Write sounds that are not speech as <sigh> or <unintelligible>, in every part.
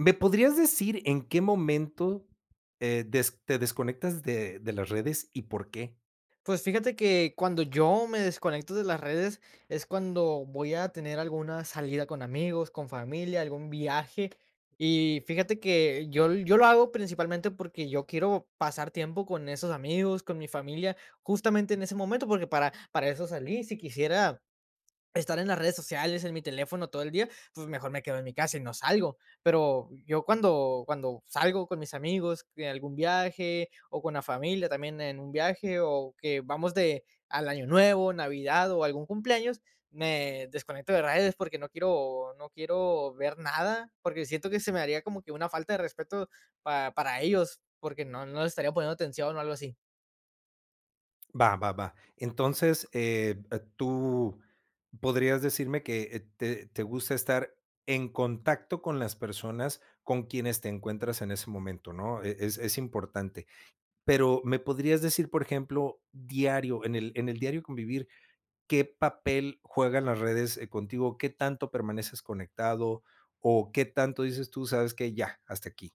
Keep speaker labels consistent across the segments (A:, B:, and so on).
A: ¿Me podrías decir en qué momento, eh, des te desconectas de de las redes, y por qué?
B: Pues, fíjate que cuando yo me desconecto de las redes, es cuando voy a tener alguna salida con amigos, con familia, algún viaje. Y fíjate que yo l yo lo hago principalmente porque yo quiero pasar tiempo con esos amigos, con mi familia, justamente en ese momento, porque para para eso salí. Si quisiera <swallows> estar en las redes sociales, en mi teléfono todo el día, pues, mejor me quedo en mi casa y no salgo. Pero, yo cuando cuando salgo con mis amigos en algún viaje, o con la familia también en un viaje, o que vamos de al Año Nuevo, Navidad o algún cumpleaños, me desconecto de redes porque no quiero no quiero ver nada. Porque siento que se me haría como que una falta de respeto para para ellos, porque no no les estaría poniendo atención, o algo así.
A: Va, va, va. Entonces, eh, tú podrías decirme que, eh, te te gusta estar en contacto con las personas con quienes te encuentras en ese momento, ¿no? E es es importante. Pero, ¿me podrías decir, por ejemplo, diario, en el en el diario convivir, qué papel juegan las redes, eh, contigo, qué tanto permaneces conectado, o qué tanto dices tú: "¿Sabes qué? Ya, hasta aquí".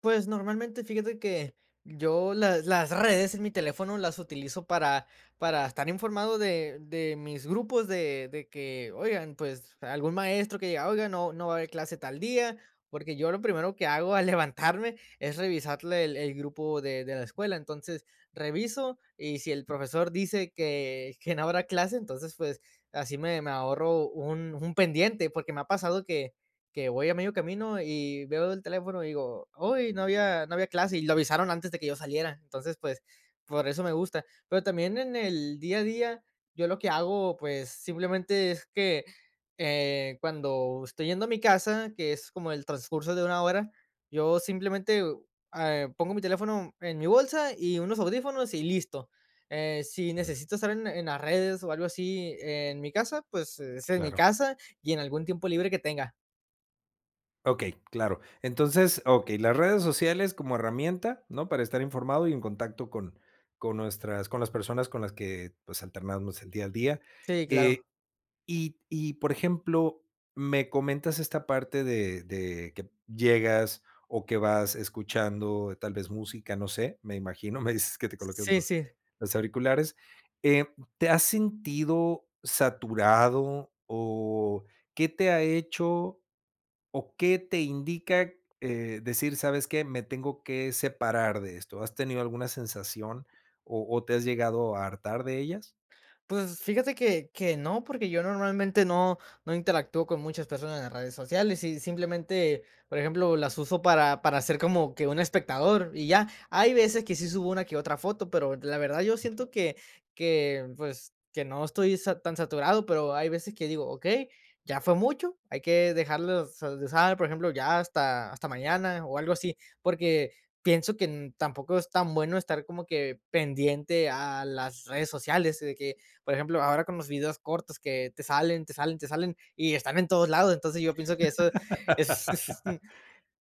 B: Pues normalmente, fíjate que yo las las redes en mi teléfono las utilizo para para estar informado de de mis grupos de de que, oigan, pues algún maestro que diga: "Oigan, no no va a haber clase tal día". Porque yo lo primero que hago al levantarme es revisarle el el grupo de de la escuela. Entonces, reviso, y si el profesor dice que que no habrá clase, entonces, pues, así me me ahorro un un pendiente. Porque me ha pasado que que voy a medio camino, y veo el teléfono, y digo: "Huy, no había no había clase", y lo avisaron antes de que yo saliera. Entonces, pues, por eso me gusta. Pero también en el día a día, yo lo que hago, pues, simplemente es que, eh, cuando estoy yendo a mi casa, que es como el transcurso de 1 hora, yo simplemente, eh, a eh, pongo mi teléfono en mi bolsa, y unos audífonos, y listo. Eh, si
A: Mm.
B: necesito estar en en las redes o algo así en mi casa, pues es en mi
A: Claro.
B: casa, y en algún tiempo libre que tenga.
A: Okey, claro. Entonces, okey las redes sociales como herramienta, ¿no?, para estar informado y en contacto con con nuestras con las personas con las que, pues, alternamos el día al día.
B: Sí,
A: Eh,
B: claro.
A: y y por ejemplo me comentas esta parte de de que llegas, o que vas escuchando tal vez música, no sé, me imagino, me dices que te colocas
B: Sí,
A: los
B: sí.
A: los auriculares, eh, ¿te has sentido saturado? O, ¿qué te ha hecho o qué te indica, eh, decir: "¿Sabes qué? Me tengo que separar de esto", has tenido alguna sensación, o o te has llegado a hartar de ellas?
B: Pues, fíjate que que no, porque yo normalmente no no interactúo con muchas personas en las redes sociales. Y simplemente, por ejemplo, las uso para para hacer como que un espectador, y ya. Hay veces que sí subo una que otra foto, pero la verdad yo siento que que, pues, que no estoy sa tan saturado, pero hay veces que digo: "Okey, ya fue mucho, hay que dejarlos so de usar, por ejemplo, ya hasta hasta mañana, o algo así". Porque pienso que n tampoco es tan bueno estar como que pendiente a las redes sociales, de que, por ejemplo, ahora con los videos cortos que te salen, te salen, te salen, y están en todos lados. Entonces, yo pienso que eso es es n
A: <laughs>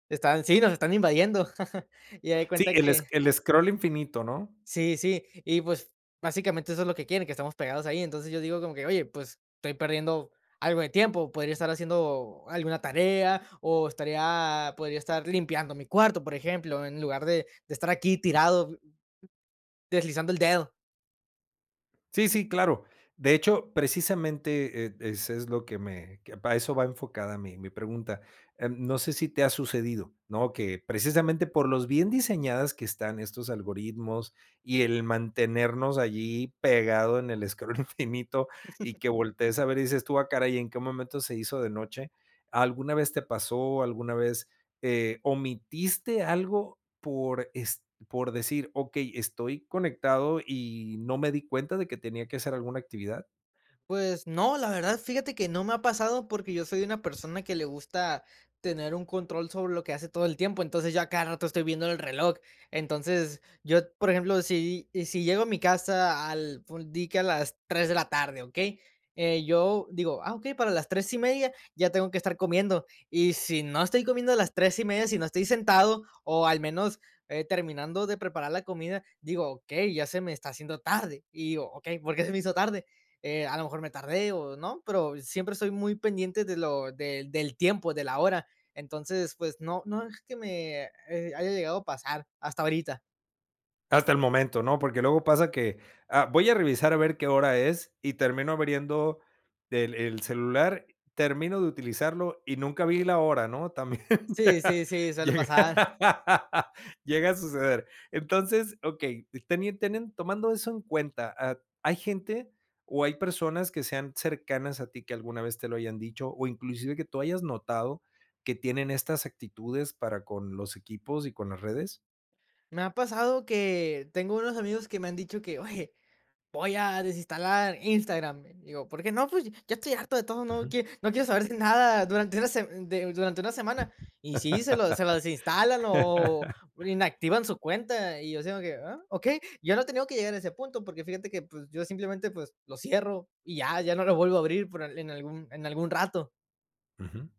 B: están Sí, nos están invadiendo. <laughs> Y haz de
A: Sí,
B: cuenta
A: el es
B: que
A: el scroll infinito, ¿no?
B: Sí, sí. Y, pues, básicamente eso es lo que quieren, que estemos pegados ahí. Entonces, yo digo como que: "Oye, pues, estoy perdiendo algo de tiempo, podría estar haciendo alguna tarea, o estaría podría estar limpiando mi cuarto, por ejemplo, en lugar de de estar aquí tirado, deslizando el dedo".
A: Sí, sí, claro, de hecho, precisamente, eh, es es lo que me que para eso va enfocada mi mi pregunta, em, no sé si te ha sucedido, ¿no? Que precisamente por los bien diseñadas que están estos algoritmos y el mantenernos allí pegado en el scroll infinito, y que
B: <chuckles>
A: voltees a ver, y dices tú: "Ah caray, ¿y en qué momento se hizo de noche?". ¿Alguna vez te pasó? ¿Alguna vez, eh, omitiste algo por, es por decir: "Okey estoy conectado, y no me di cuenta de que tenía que hacer alguna actividad?"
B: Pues no, la verdad, fíjate que no me ha pasado, porque yo soy una persona que le gusta tener un control sobre lo que hace todo el tiempo, entonces, yo a cada rato estoy viendo el reloj. Entonces, yo, por ejemplo, si si llego a mi casa al ful di que a las 3 de la tarde, ¿okey? Eh, yo digo: "Ah, okey, para las 3 y media ya tengo que estar comiendo. Y si no estoy comiendo a las 3 y media, si no estoy sentado, o, al menos, eh, terminando de preparar la comida, digo: "Okey, ya se me está haciendo tarde". Y digo: "Okey, ¿por qué se me hizo tarde?". Eh, a lo mejor me tardé, o,¿no?, pero siempre estoy muy pendiente de lo del del tiempo, de la hora, entonces, pues no, no es que me, eh, haya llegado a pasar hasta ahorita.
A: Hasta el momento, ¿no? Porque, luego pasa que, ah, voy a revisar a ver qué hora es, y termino abriendo el el celular, termino de utilizarlo, y nunca vi la hora, ¿no? También
B: Sí, sí,
A: llega
B: sí, suele pasar.
A: <laughs> llega a suceder. Entonces, okey, tenien teniendo tomando eso en cuenta, ah, ¿hay gente, o, hay personas que sean cercanas a ti que alguna vez te lo hayan dicho, o inclusive que tú hayas notado que tienen estas actitudes para con los equipos y con las redes?
B: Me ha pasado que tengo unos amigos que me han dicho que: "Oye, voy a desinstalar Instagram". Digo: "¿Porque no, pues?". "Ya estoy harto de todo, no
A: Ujú.
B: quie no quiero saber nada durante una se de durante una semana". Y sí, se lo se lo desinstalan, o
A: <laughs>
B: o inactivan su cuenta. Y yo así como que: "Ah, okey", yo no he tenido que llegar a ese punto porque, fíjate que, pues yo simplemente pues lo cierro, y ya ya no lo vuelvo a abrir por en en algún en algún rato.
A: Ujú.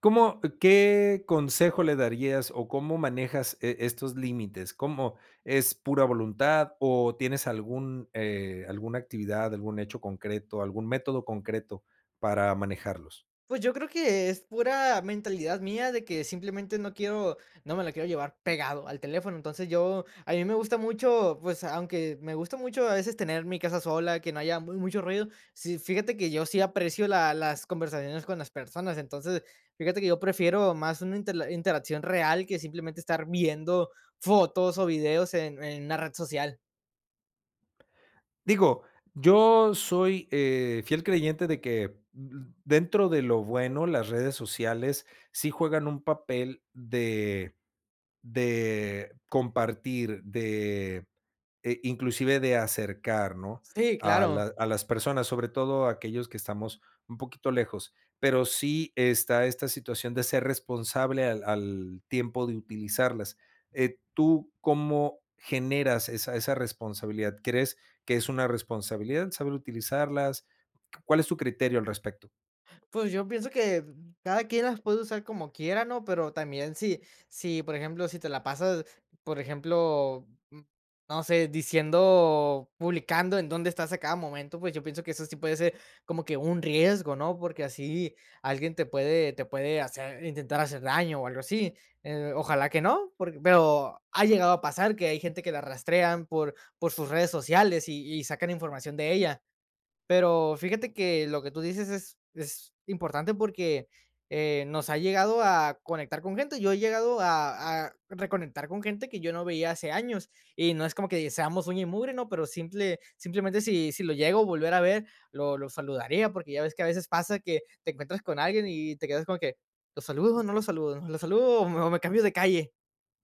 A: ¿Cómo qué consejo le darías, o cómo manejas e estos límites? ¿Cómo es pura voluntad, o, tienes algún eh, alguna actividad, algún hecho concreto, algún método concreto para manejarlos?
B: Pues, yo creo que es pura mentalidad mía, de que simplemente no quiero no me la quiero llevar pegado al teléfono. Entonces, yo a mí me gusta mucho, pues, aunque me gusta mucho a veces tener mi casa sola, que no haya mu mucho ruido, sí, fíjate que yo sí aprecio la las conversaciones con las personas. Entonces, fíjate que yo prefiero más una interla interacción real que simplemente estar viendo fotos o videos en en una red social.
A: Digo, yo soy, eh, fiel creyente de que, uh dentro de lo bueno, las redes sociales sí juegan un papel de de compartir, de, eh, e inclusive de acercar, ¿no?
B: Sí,
A: A
B: claro.
A: la a las personas, sobre todo aquellos que estamos un poquito lejos. Pero sí está esta situación de ser responsable al al tiempo de utilizarlas. Eh, ¿tú cómo generas esa esa responsabilidad? ¿Crees que es una responsabilidad saber utilizarlas? ¿Cuál es tu criterio al respecto?
B: Pues, yo pienso que cada quien las puede usar como quiera, ¿no? Pero también si si, por ejemplo, si te la pasas, por ejemplo, no sé, diciendo publicando en dónde estás a cada momento, pues, yo pienso que eso sí puede ser como que un riesgo, ¿no? Porque así alguien te puede te puede hacer, intentar hacer daño, o algo así. Eh, ojalá que no, porque pero, ha llegado a pasar que hay gente que la rastrean por por sus redes sociales, y y sacan información de ella. Pero, fíjate que lo que tú dices es es importante, porque, eh, nos ha llegado a conectar con gente. Yo he llegado a a reconectar con gente que yo no veía hace años. Y no es como que seamos uña y mugre, ¿no? Pero simple simplemente si si lo llego a volver a ver, lo lo saludaría. Porque ya ves que a veces pasa que te encuentras con alguien, y te quedas como de que, ¿lo saludo, o no lo saludo? ¿Lo saludo o me o me cambio de calle?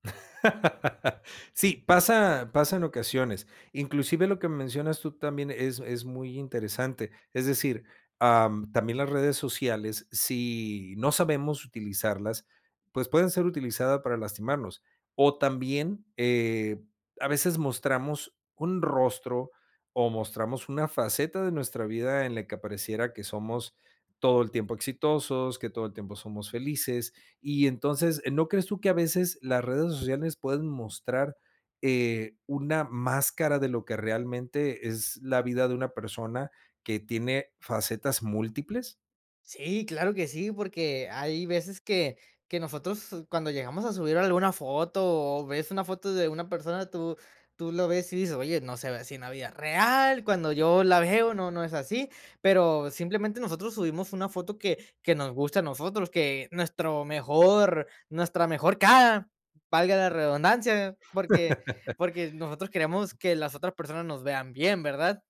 A: <laughs> Sí, pasa pasa en ocasiones. Inclusive, lo que mencionas tú también es es muy interesante. Es decir, em, también las redes sociales, si no sabemos utilizarlas, pues pueden ser utilizadas para lastimarnos. O, también, eh, a veces mostramos un rostro, o mostramos una faceta de nuestra vida en la que apareciera que somos todo el tiempo exitosos, que todo el tiempo somos felices. Y entonces, ¿no crees tú que a veces las redes sociales pueden mostrar, eh, una máscara de lo que realmente es la vida de una persona que tiene facetas múltiples?
B: Sí, claro que sí, porque hay veces que que nosotros cuando llegamos a subir alguna foto, o ves una foto de una persona, tú tú lo ves y dices: "Oye, no se ve así en la vida real. Cuando yo la veo no no es así". Pero simplemente nosotros subimos una foto que que nos guste a nosotros, que nuestro mejor nuestra mejor cara, valga la redundancia, porque
A: <laughs>
B: porque nosotros queremos que las otras personas nos vean bien, ¿verdad?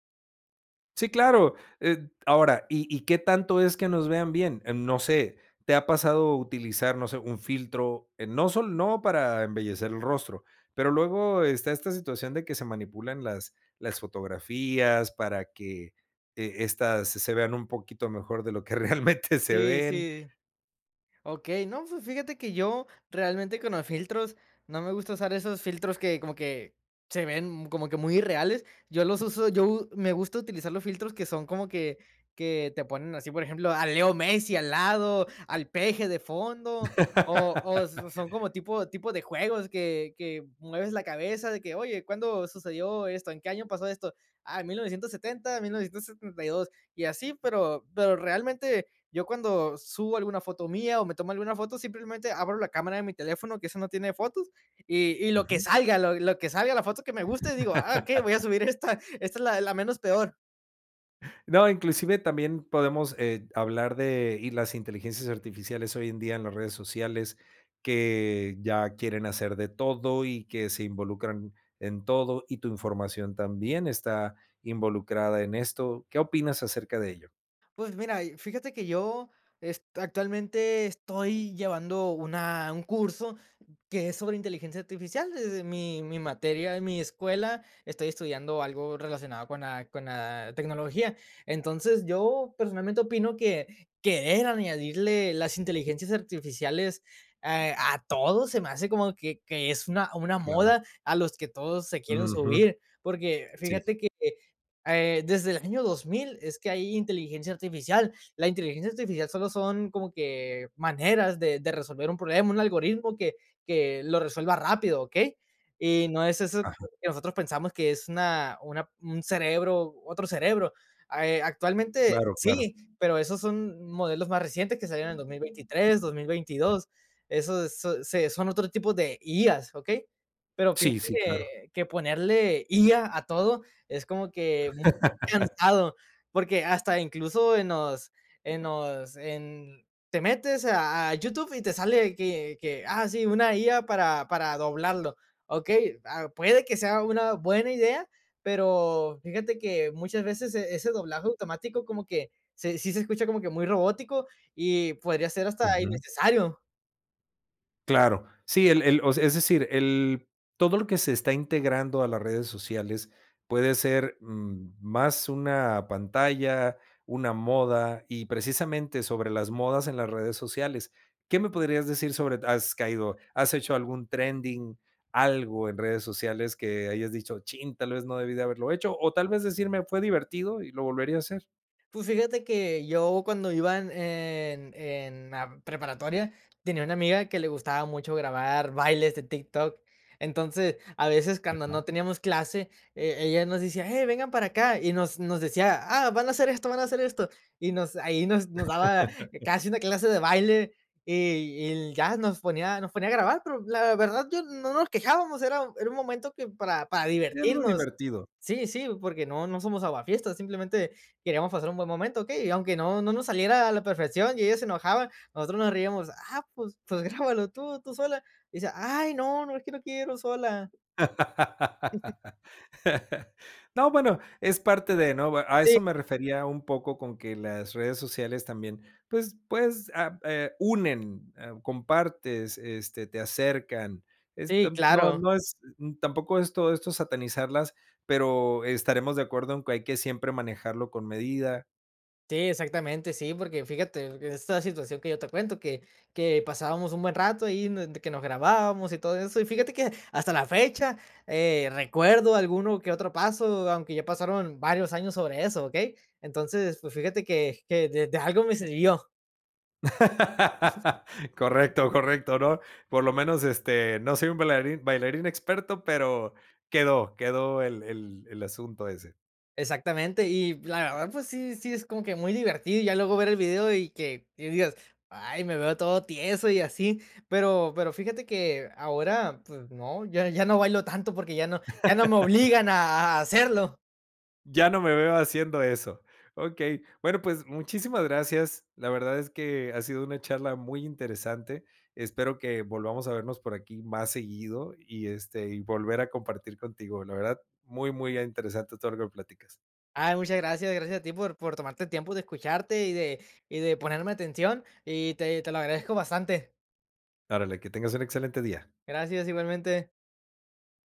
A: Sí, claro, eh, ahora, ¿y y qué tanto es que nos vean bien? Em, no sé, ¿te ha pasado utilizar no sé un filtro? Eh, no sol no para embellecer el rostro, pero luego está esta situación de que se manipulan las las fotografías para que, eh, estas se se vean un poquito mejor de lo que realmente se
B: Sí,
A: ven.
B: sí. Okey. No, fi fíjate que yo realmente con los filtros no me gusta usar esos filtros que como que se ven como que muy irreales. Yo los uso yo me gusta utilizar los filtros que son como que que te ponen así, por ejemplo, a Leo Messi al lado, al Peje de fondo, o o s son como
A: <laughs>
B: tipo tipo de juegos que que mueves la cabeza de que: "Oye, ¿cuándo sucedió esto? ¿En qué año pasó esto? Ah, en 1970, en 1972". Y así, pero pero realmente yo cuando subo alguna foto mía o me tomo alguna foto, simplemente abro la cámara de mi teléfono, que eso no tiene fotos, y y lo que
A: Ujú.
B: salga, lo lo que salga, la foto que me guste, digo: "Ah, okey, voy a
A: <laughs>
B: subir esta. Esta es la la menos peor.
A: No, inclusive también podemos, eh, hablar de y las inteligencias artificiales hoy en día en las redes sociales, que ya quieren hacer de todo y que se involucran en todo, y tu información también está involucrada en esto. ¿Qué opinas acerca de ello?
B: Pues mira, y fíjate que yo es actualmente estoy llevando una un curso que es sobre inteligencia artificial, desde mi mi materia, en mi escuela estoy estudiando algo relacionado con la con la tecnología. Entonces, yo personalmente opino que querer añadirle las inteligencias artificiales a a todo, se me hace como que que es una una
A: Claro.
B: moda a los que todos se quieren
A: Ujú.
B: subir. Porque
A: Sí.
B: fíjate que, eh, desde el año 2000 es que hay inteligencia artificial. La inteligencia artificial solo son como que maneras de de resolver un problema, un algoritmo que que lo resuelva rápido, ¿okey? Y no es eso
A: Ajá.
B: que nosotros pensamos, que es una una un cerebro, otro cerebro. Ah, eh, actualmente
A: Claro, claro.
B: sí, pero esos son modelos más recientes que salieron en 2023, 2022. Esos se son otro tipo de IAs, ¿okey? Pero pienso
A: Sí, sí, claro.
B: que que ponerle IA a todo es como que <unintelligible>
A: <laughs>
B: cansado. Porque hasta incluso en los en los en te metes a a YouTube y te sale que que, ah sí, una IA para para doblarlo, ¿okey? Ah, puede que sea una buena idea, pero fíjate que muchas veces e ese doblaje automático como que se sí se escucha como que muy robótico, y podría ser hasta
A: Ujú.
B: innecesario.
A: Claro. Sí, el el o sea, es decir el todo lo que se está integrando a las redes sociales puede ser, mm, más una pantalla, una moda, y precisamente sobre las modas en las redes sociales, ¿qué me podrías decir sobre d has caído, has hecho algún trending, algo en redes sociales que hayas dicho chin, tal vez no debí de haberlo hecho? O, tal vez decirme, fue divertido y lo volvería a hacer.
B: Pues, fíjate que yo cuando iba en en en la preparatoria, tenía una amiga que le gustaba mucho grabar bailes de TikTok. Entonces, a veces cuando
A: Ajá.
B: no teníamos clase, eh, ella nos decía: "Hey, vengan para acá". Y nos nos decía: "Ah, van a hacer esto, van a hacer esto". Y nos ahí nos nos daba casi una
A: <laughs>
B: clase de baile, y y l ya nos ponía nos ponía a grabar. Pero la verdad, yo no nos quejábamos, era era un momento que para para
A: Y algo
B: divertirnos.
A: divertido.
B: Sí, sí, porque no no somos aguafiestas, simplemente queríamos pasar un buen momento, ¿okey? Y aunque no no nos saliera a la perfección, y ella se enojaba, nosotros nos reíamos. Ah, pues pues grábalo tú tú sola. Y decía: "Ay no, no, es que no quiero sola".
A: <laughs> No, bueno, es parte de, ¿no? Bue a
B: Sí.
A: eso me refería un poco con que las redes sociales también, pues, pues, ah eh, unen, eh, compartes, este, te acercan. Es
B: Sí,
A: tan no
B: claro.
A: no es n tampoco esto esto satanizarlas, pero estaremos de acuerdo en que hay que siempre manejarlo con medida.
B: Sí, exactamente. Sí, porque fíjate que esta situación que yo te cuento, que que pasábamos un buen rato ahí, de que nos grabábamos y todo eso. Y fíjate que hasta la fecha, eh, recuerdo alguno que otro paso, aunque ya pasaron varios años sobre eso, ¿okey? Entonces, pues, fíjate que que de de algo me sirvió.
A: <laughs> Correcto, correcto, ¿no? Por lo menos, este, no soy un bailarín bailarín experto pero quedó, quedó el el el asunto ese.
B: Exactamente. Y la verdad, pues, sí sí es como que muy divertido, ya luego ver el video, y que y digas: "Ay, me veo todo tieso y así". Pero pero fíjate que ahora, pues no, ya ya no bailo tanto porque ya no ya no me
A: <laughs>
B: obligan a a hacerlo.
A: Ya no me veo haciendo eso. Okey. Bueno, pues muchísimas gracias. La verdad es que ha sido una charla muy interesante. Espero que volvamos a vernos por aquí más seguido, y este, y volver a compartir contigo. La verdad muy, muy interesante todo lo que platicas.
B: Ay, muchas gracias. Gracias a ti por por tomarte el tiempo de escucharte, y de y de ponerme atención. Y te te lo agradezco bastante.
A: Órale, que tengas un excelente día.
B: Gracias, igualmente.